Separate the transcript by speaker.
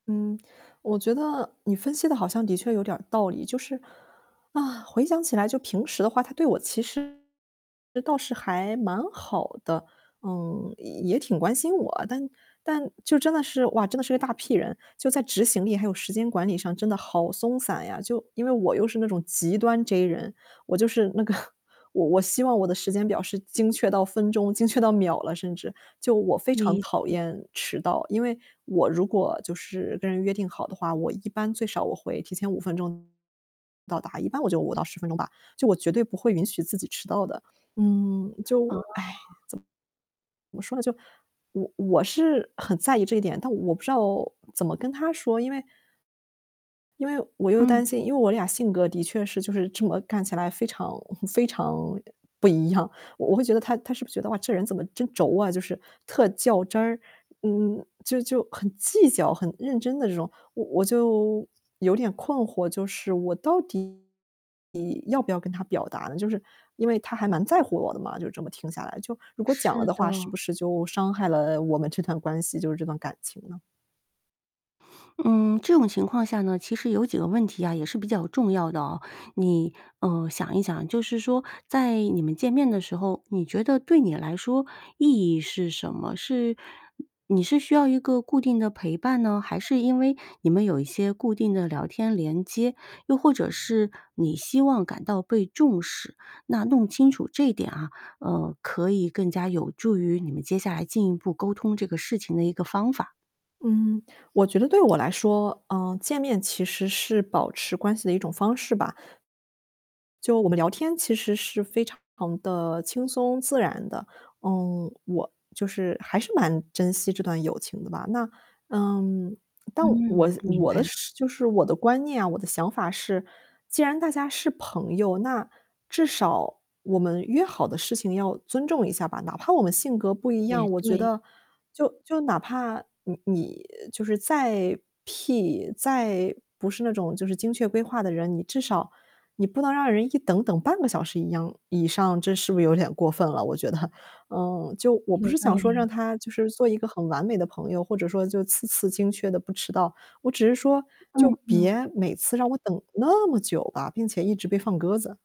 Speaker 1: 嗯，我觉得你分析得好像的确有点儿道理，就是，啊，回想起来就平时的话，他对我其实倒是还蛮好的，嗯，也挺关心我。但但就真的是哇，真的是一大 P 人。就在执行力还有时间管理上真的好松散呀，就因为我又是那种极端 J 人，我就是那个我我希望我的时间表是精确到分钟、精确到秒了，甚至。就我非常
Speaker 2: 理
Speaker 1: 讨
Speaker 2: 解。
Speaker 1: 厌迟到，因为，我如果就是跟人约定好的话，我一般最少我会提前5分钟到达，一般我就5-10分钟吧，就我绝对不会允许自己迟到的。嗯，就
Speaker 2: 哦。
Speaker 1: 怎怎么说呢，就我我是很在意这一点，但我不知道怎么跟他说，因为因为我又
Speaker 2: 嗯。
Speaker 1: 担心因为我俩性格的确是就是这么看起来非常 非常不一样，我我会觉得他他是不觉得，哇，这人怎么真轴啊就是，特较真儿，嗯，就就很计较、很认真的这种。我我就有点困惑，就是我到底要不要跟他表达呢？就是因为他还蛮在乎我的嘛，就是这么听下来，就如果讲了
Speaker 2: 是
Speaker 1: 的话，是
Speaker 2: 的。
Speaker 1: 不是就伤害了我们这段关系，就是这段感情呢？
Speaker 2: 嗯，这种情况下呢，其实有几个问题啊，也是比较重要的哦。你，呃，想一想就是说，在你们见面的时候，你觉得对你来说，意义是什么？是你是需要一个固定的陪伴呢，还是因为你们有一些固定的聊天连接，又或者是你希望感到被重视？那弄清楚这点啊，呃，可以更加有助于你们接下来进一步沟通这个事情的一个方法。
Speaker 1: 嗯，我觉得对我来说，呃，见面其实是保持关系的一种方式吧。就我们聊天其实是非常地轻松自然的。嗯，我就是还是蛮珍惜这段友情的吧，那嗯，但我
Speaker 2: 嗯，
Speaker 1: 的
Speaker 2: 明
Speaker 1: 我
Speaker 2: 白
Speaker 1: 的
Speaker 2: 了。
Speaker 1: 是就是我的观念啊，我的想法是，既然大家是朋友，那至少我们约好的事情要尊重一下吧？哪怕我们性格不一
Speaker 2: 也
Speaker 1: 样，我觉
Speaker 2: 对。
Speaker 1: 得就就哪怕你你就是再 P，再不是那种就是精确规划的人，你至少你不能让人一等等半个小时一样以上，这是不是有点过分了，我觉得？嗯，就我不
Speaker 2: 有
Speaker 1: 是
Speaker 2: 道
Speaker 1: 想说
Speaker 2: 理啊。
Speaker 1: 让他就是做一个很完美的朋友，或者说就次次精确地不迟到。我只是说，就
Speaker 2: 嗯嗯。
Speaker 1: 别每次让我等那么久吧，并且一直被放鸽子。